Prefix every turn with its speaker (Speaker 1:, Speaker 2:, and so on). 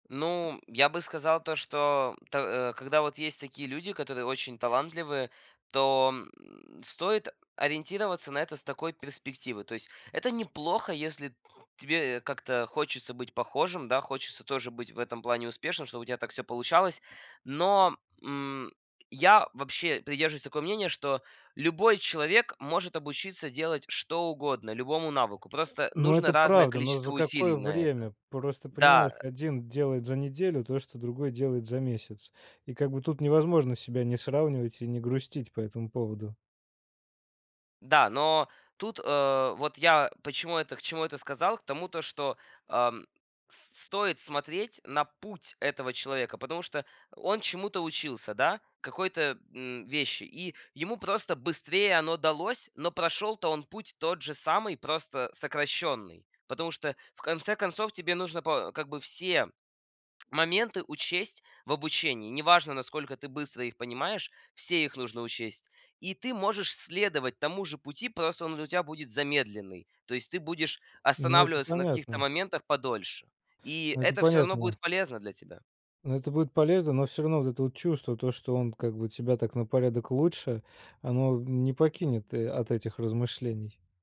Speaker 1: Ну, я бы сказал, то, что то а, когда вот есть такие люди, которые очень талантливы, то, м, стоит ориентироваться на это с такой перспективы. То есть это неплохо, если тебе как-то хочется быть похожим, да, хочется тоже быть в этом плане успешным, чтобы у тебя так всё получалось. Но, м, я вообще придерживаюсь такого мнения, что любой человек может обучиться делать что угодно, любому навыку. Просто
Speaker 2: Ну,
Speaker 1: нужно
Speaker 2: это
Speaker 1: разное
Speaker 2: правда. Но
Speaker 1: количество
Speaker 2: за
Speaker 1: усилий
Speaker 2: какое
Speaker 1: на это.
Speaker 2: время? Просто понимаешь,
Speaker 1: Да.
Speaker 2: 1 делает за неделю то, что другой делает за месяц. И как бы тут невозможно себя не сравнивать и не грустить по этому поводу.
Speaker 1: Да, но тут, а, вот я почему это к чему это сказал? К тому то, что, ам, с стоит смотреть на путь этого человека, потому что он чему-то учился, да, какой-то, м, вещи, и ему просто быстрее оно далось, но прошел-то он путь тот же самый, просто сокращенный. Потому что, в конце концов, тебе нужно по как бы все моменты учесть в обучении. Не важно, насколько ты быстро их понимаешь, все их нужно учесть. И ты можешь следовать тому же пути, просто он для тебя будет замедленный. То есть ты будешь
Speaker 2: Ну, это
Speaker 1: останавливаться на каких-то
Speaker 2: понятно.
Speaker 1: моментах подольше. И
Speaker 2: Это
Speaker 1: это всё равно
Speaker 2: понятно.
Speaker 1: будет полезно для тебя.
Speaker 2: Ну, это будет полезно, но всё равно вот это вот чувство, то, что он как бы тебя так на порядок лучше, оно, м, не покинет, э, от этих размышлений.